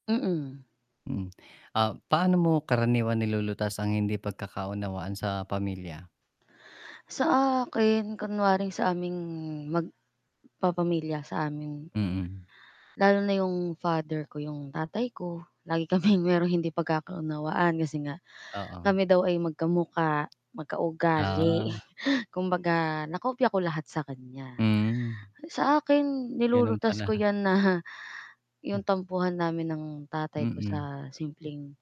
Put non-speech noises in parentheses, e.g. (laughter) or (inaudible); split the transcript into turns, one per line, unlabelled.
Mm.
Mhm, ah, paano mo karaniwang nilulutas ang hindi pagkakaunawaan sa pamilya?
Sa akin, kunwari sa aming, mag papamilya, sa amin.
Mm.
Lalo na 'yung, father ko, yung tatay ko, lagi kaming merong hindi pagkakaunawaan kasi nga,
Oo.
kami daw ay magkamukha, magka-ugali,
Ah.
(chuckles) kumbaga nakopya ko lahat sa kanya.
Hmm.
Sa akin
Ganun
nilulutas ko
pala.
'yan na
Hm.
'yung tampuhan namin ng tatay ko
Mm.
sa simpleng